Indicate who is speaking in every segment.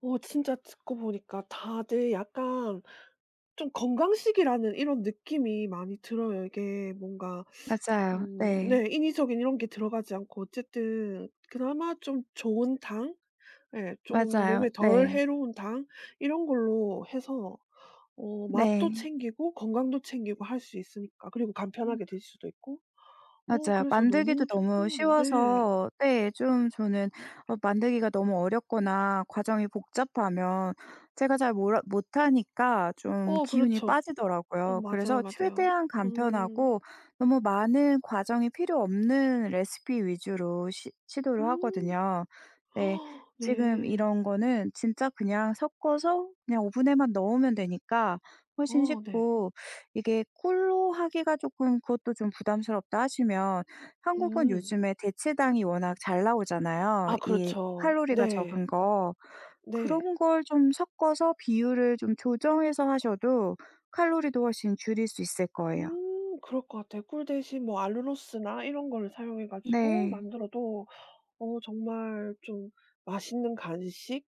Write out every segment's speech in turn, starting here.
Speaker 1: 어 진짜 듣고 보니까 다들 약간 좀 건강식이라는 이런 느낌이 많이 들어요. 이게 뭔가
Speaker 2: 맞아요.
Speaker 1: 음
Speaker 2: 네.
Speaker 1: 네 인위적인 이런 게 들어가지 않고 어쨌든 그나마 좀 좋은 당 예 쪼금
Speaker 2: 맞아요.
Speaker 1: 몸에 덜
Speaker 2: 네.
Speaker 1: 해로운 당 이런 걸로 해서 어 맛도
Speaker 2: 네.
Speaker 1: 챙기고 건강도 챙기고 할 수 있으니까. 그리고
Speaker 2: 음.
Speaker 1: 간편하게 들 수도 있고 어
Speaker 2: 맞아요.
Speaker 1: 그래서
Speaker 2: 만들기도
Speaker 1: 너무
Speaker 2: 너무
Speaker 1: 좋고 네.
Speaker 2: 쉬워서 네 좀 저는 어 만들기가 너무 어렵거나 과정이 복잡하면 제가 잘 몰라 못하니까 좀
Speaker 1: 어
Speaker 2: 기운이
Speaker 1: 그렇죠. 어
Speaker 2: 빠지더라고요.
Speaker 1: 맞아요,
Speaker 2: 그래서
Speaker 1: 맞아요.
Speaker 2: 최대한
Speaker 1: 음.
Speaker 2: 간편하고 너무 많은 과정이 필요 없는 레시피 위주로 시 시도를
Speaker 1: 음.
Speaker 2: 하거든요. 네. 지금
Speaker 1: 네.
Speaker 2: 이런 거는 진짜 그냥 섞어서 그냥 오븐에만 넣으면 되니까 훨씬
Speaker 1: 어 네.
Speaker 2: 쉽고 이게 '꿀로 하기가 쪼끔 그것도 좀 부담스럽다.' 하시면 한국은
Speaker 1: 음.
Speaker 2: 요즘에 대체당이 워낙 잘 나오잖아요
Speaker 1: 아
Speaker 2: 이
Speaker 1: 그렇죠.
Speaker 2: 칼로리가
Speaker 1: 네.
Speaker 2: 적은 거.
Speaker 1: 네.
Speaker 2: 그런 걸 좀 섞어서 비율을 좀 조정해서 하셔도 칼로리도 훨씬 줄일 수 있을 거예요.
Speaker 1: 음. 그럴 것 같아요. 꿀 대신 뭐 알룰로스나 이런 걸 사용해 가지고
Speaker 2: 네.
Speaker 1: 만들어도 어 정말 좀 맛있는 간식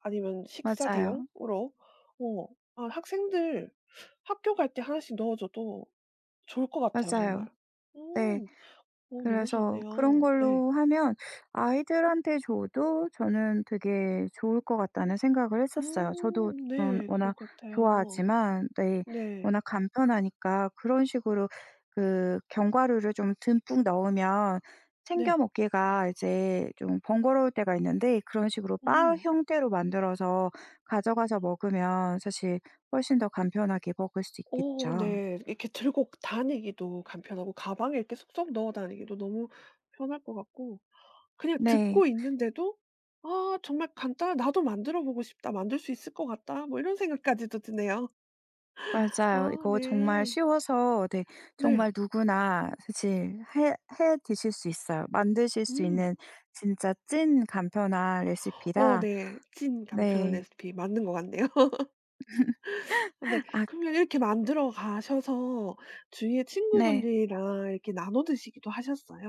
Speaker 1: 아니면 식사
Speaker 2: 맞아요.
Speaker 1: 대용으로 어 아 학생들 학교 갈 때 하나씩 넣어 줘도 좋을 것 같아요 정말.
Speaker 2: 맞아요. 네.
Speaker 1: 음. 어 너무
Speaker 2: 그래서 그런
Speaker 1: 좋네요. 네.
Speaker 2: 걸로 하면 아이들한테 줘도 저는 되게 좋을 것 같다는 생각을 했었어요. 저도
Speaker 1: 음
Speaker 2: 전
Speaker 1: 네. 그럴
Speaker 2: 워낙
Speaker 1: 것 같아요.
Speaker 2: 좋아하지만 네
Speaker 1: 네.
Speaker 2: 워낙 간편하니까 그런 식으로 그 견과류를 좀 듬뿍 넣으면 챙겨
Speaker 1: 네.
Speaker 2: 먹기가 이제 좀 번거로울 때가 있는데 그런 식으로 바
Speaker 1: 음.
Speaker 2: 형태로 만들어서 가져가서 먹으면 사실 훨씬 더 간편하게 먹을 수
Speaker 1: 어
Speaker 2: 있겠죠.
Speaker 1: 네. 이렇게 들고 다니기도 간편하고 가방에 이렇게 쏙쏙 넣어 다니기도 너무 편할 것 같고 그냥
Speaker 2: 네.
Speaker 1: 듣고 있는데도 아 정말 간단한 '나도 만들어 보고 싶다. 만들 수 있을 것 같다.' 뭐 이런 생각까지도 드네요.
Speaker 2: 맞아요.
Speaker 1: 아
Speaker 2: 이거 정말
Speaker 1: 네.
Speaker 2: 쉬워서 네
Speaker 1: 네.
Speaker 2: 정말 누구나 사실 해 해 드실 수 있어요. 만드실 수
Speaker 1: 음.
Speaker 2: 있는 진짜 찐 간편한
Speaker 1: 어
Speaker 2: 레시피라.
Speaker 1: 네. 찐 간편한
Speaker 2: 네.
Speaker 1: 레시피 맞는 것 같네요. 근데
Speaker 2: 아
Speaker 1: 그러면 이렇게 만들어 가셔서 주위에
Speaker 2: 네.
Speaker 1: 친구분들이랑 이렇게 나눠 드시기도 하셨어요?